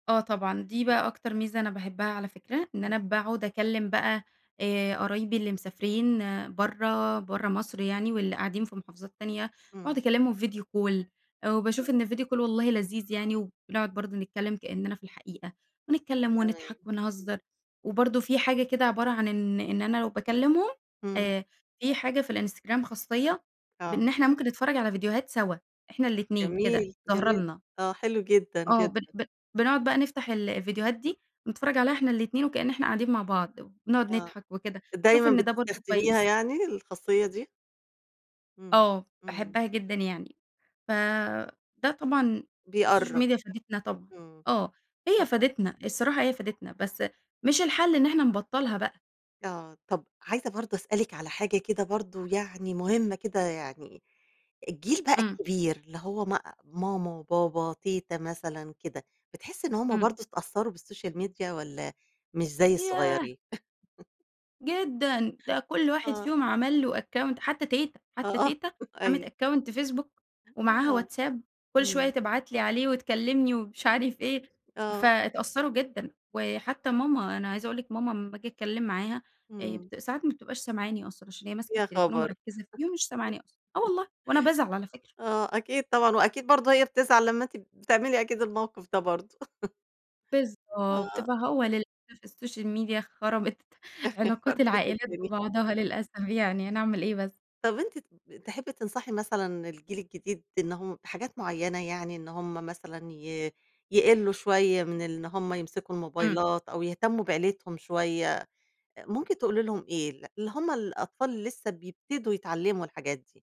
آه طبعًا. دي إمم. بقى أكتر ميزة أنا باحبها على فكرة، إن إمم. أنا باقعد أكلّم بقى آآ قرايبي اللي مسافرين برّه برّه مصر يعني، واللي قاعدين في محافظات تانية، وأقعد إمم. أكلمهم video call آآ وباشوف [unintelligible] إن ال video call والله لذيذ يعني وبنقعد برضه نتكلم كأننا في الحقيقة، ونتكلم تمام. ونضحك ونهزّر، إمم. وبرضه في حاجة كده عبارة عن إن إن أنا لو باكلمهم، إمم. آآ في حاجة في الInstagram خاصية إن آه. إحنا ممكن نتفرج على فيديوهات سوا، إحنا الاتنين جميل، كده، ظاهرة جميل. لنا. آه حلو جدًا، آه ب جدًا. ب بنقعد بقى نفتح ال الفيديوهات دي، بنتفرّج عليها إحنا الاتنين، وكأن إحنا قاعدين مع بعض، ونُقعد آه. نضحك وكده، شوف دايمًا إن ده برضه بتستخدميها كويس. يعني، الخاصية دي؟ إمم. آه، إمم. باحبّها جدًا يعني، فده طبعًا السوشيال بيقرب، ميديا فادتنا طبعًا إمم. آه، هي طب فادتنا، الصراحة هي فادتنا، بس مش الحل إن إحنا نبطّلها بقى. آه طب عايزة برضه أسألِك على حاجة كده برضه يعني مُهمة كده يعني الجيل بقى إمم. كبير اللي هو ما ماما وبابا تيتة مثلًا كده، بتحسّي إن هُم إمم. برضه اتأثروا بالسوشيال ميديا، والّا مش زي ياه! الصغيرين؟ جدًا. ده كل واحد آه. فيهم عمل له account حتى تيتة، آه حتى آه تيتة عملِت أيوه. account Facebook أن ومعاها هو WhatsApp كل شوية إمم. تبعت لي عليه وتكلمني ومش عارف إيه، آه. فاتأثّروا جدًا. وحتى ماما، أنا عايزة أقول لِك ماما أمّاآجي أتكلم معاها، إمم. ساعات ما بتبقاش سامعاني أصلًا عشان هي ماسكة يا التليفون خبر! ومركّزة فيه مش سامعاني أصلًا آه والله وأنا بازعل على فكرة. [unintelligible] آه أكيد طبعًا وأكيد برضه هي بتزعل لمّا أنتِ بتعملي أكيد الموقف ده برضه. بالضبط. آه. فهو للأسف الSocial media خربت علاقات [unintelligible] العائلات الدنيا. ببعضها للأسف يعني هنعمل إيه بس. طب أنتِ ت تحبي تنصحي مثلًا الجيل الجديد إن هُم بحاجات معينة يعني، إن هُم مثلًا ي يقلوا شوية، من إن هُم يمسكوا إمم. الموبايلات، أو يهتموا بعيلتهم شوية. ممكن تقولي لهم إيه؟ اللي هُم الأطفال لسه بيبتدوا يتعلموا الحاجات دي.